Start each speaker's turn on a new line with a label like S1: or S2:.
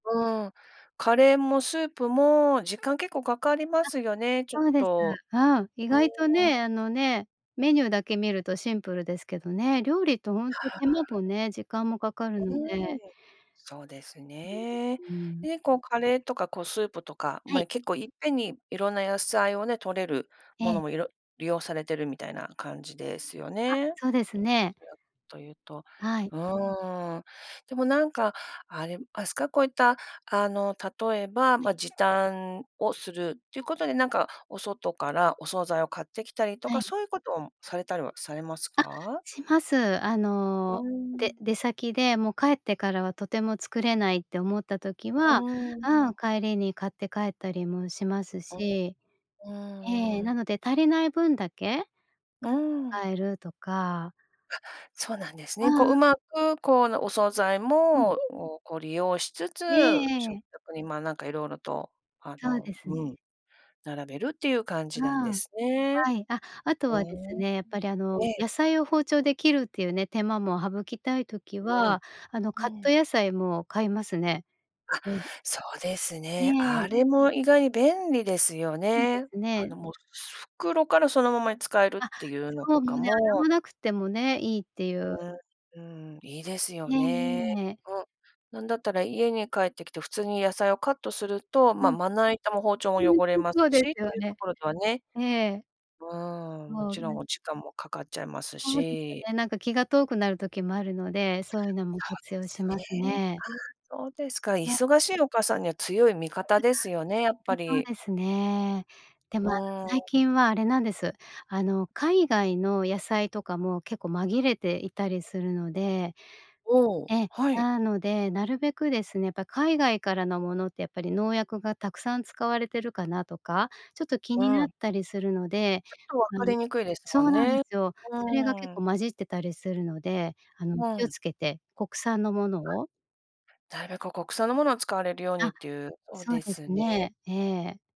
S1: うーん、カレーも、スープ
S2: うん。
S1: も時間結構かかりますよね、ちょ
S2: あ、
S1: っ
S2: そうです。
S1: と。
S2: うん、意
S1: うー
S2: 外と
S1: ん、う
S2: ね、
S1: ん。
S2: あのね、メニューだけ見るとシンプルですけどね。料理ってほんと、
S1: はん。
S2: 手間ぽね、時間もかかるの
S1: うー
S2: で。
S1: ん。そうですね。
S2: うん、うーん。
S1: で、こう、カレーとか、こう、スープとか、
S2: はい。
S1: ま、結構いっぺんに色んな野菜をね、摂れる
S2: え
S1: も
S2: え。
S1: のも、いろ利用されてるみたいな感じですよ
S2: あ、
S1: ね。
S2: そうです
S1: ど
S2: ね。
S1: ちらというと。
S2: はい。
S1: うーん。でも、なんか、あ、でも、あすかこういった、あの、例えば、
S2: えん。
S1: ま、時短をするってい
S2: う
S1: う
S2: ん。
S1: ことで、なんか、お外からお惣菜を買ってきたりと
S2: は
S1: か、
S2: い。
S1: そういうことをん、されたりはされます
S2: あ、
S1: か？
S2: します。あ
S1: うー
S2: の、で
S1: ん。
S2: 出先で、もう、帰ってからはとても作れないって思った時
S1: う
S2: は、
S1: ーん。う
S2: あう、
S1: ん。
S2: 帰りに買って帰ったりもします
S1: うん。
S2: し。
S1: う
S2: え
S1: ん、
S2: え、
S1: うーん。
S2: なので、足りない分だけ、く
S1: うーん。
S2: かえるとか。
S1: は、そうなんです
S2: ああ、
S1: ね。こう、
S2: あ。
S1: 上手く、こう、あの、お惣菜
S2: うん。
S1: もをこう利用しつつ、
S2: えええ
S1: 食
S2: え。
S1: 卓に、ま、なんか、色々と。あ
S2: そう
S1: の、
S2: ですね。
S1: うん、並べるっていう感じなんで
S2: あう、
S1: すね。
S2: はい、あ、あと
S1: うー
S2: はです
S1: ん。
S2: ね、やっぱり、あの、
S1: ええ。
S2: 野菜を包丁で切るっていうね、手間も省きたい時
S1: わん、
S2: は、あの、カッ
S1: え
S2: ト
S1: え。
S2: 野菜も買いますね。
S1: あ、
S2: うん。
S1: そうです
S2: い
S1: ね。
S2: え、
S1: あ
S2: え。
S1: れも意外に便利ですよ
S2: そうで
S1: ね。
S2: す
S1: あ
S2: ね。
S1: の、もう、す袋からそのままに使えるっ
S2: あ、
S1: ていうの
S2: そう、
S1: と
S2: も
S1: か
S2: うね、洗
S1: も
S2: わなくてもね、いいっていう。
S1: うーん。うーん、いいです
S2: へ
S1: よね。
S2: え。
S1: うん、なんだったら家に帰ってきて、普通に野菜をカットすると、
S2: う
S1: ま、
S2: ん。
S1: まな板も包丁も
S2: ほえ、
S1: 汚れ
S2: そ
S1: ま
S2: そ
S1: す
S2: う
S1: し、
S2: で
S1: っ
S2: す
S1: て
S2: よ
S1: いうと
S2: ね。
S1: ころとはね、
S2: ええ。
S1: うーん、も
S2: そう
S1: ちろん、
S2: ね。
S1: お時間もかかっちゃいます
S2: そうですよ
S1: し。
S2: ね、なんか、気が遠くなる時もあるので、そういうのも活用し
S1: そう
S2: ま
S1: で
S2: す
S1: すね。
S2: ね。
S1: あ、そうですか、
S2: ほい。
S1: 忙しいお母さんには強い味
S2: い
S1: 方ですよね、やっぱ
S2: や、そう
S1: り。
S2: ですね。で
S1: う
S2: も、あの、
S1: ー
S2: 最
S1: ん。
S2: 近はあれなんです。あの、海外の野菜とかも結構紛れていたりするので
S1: おお、
S2: ええ、
S1: はい。
S2: なので、なるべくですね、やっぱ、海外からの物ってやっぱり農薬がたくさん使われてるかなとか、ちょっと気
S1: う
S2: になっ
S1: ん。
S2: たりするので、
S1: ちょっと、分
S2: あ
S1: か
S2: の
S1: りにくいです
S2: そ
S1: も
S2: う
S1: ん
S2: なんで
S1: ね、
S2: すよ。
S1: う
S2: それが結
S1: ーん。
S2: 構混じってたりするので、あの、
S1: う
S2: 気を
S1: ん。
S2: 付けて、国産のもの
S1: あ、
S2: を。
S1: だいぶ、こう、国産の物を使われるように
S2: あ、
S1: っていう、お
S2: そう
S1: で
S2: です
S1: すね。
S2: ね、ええ。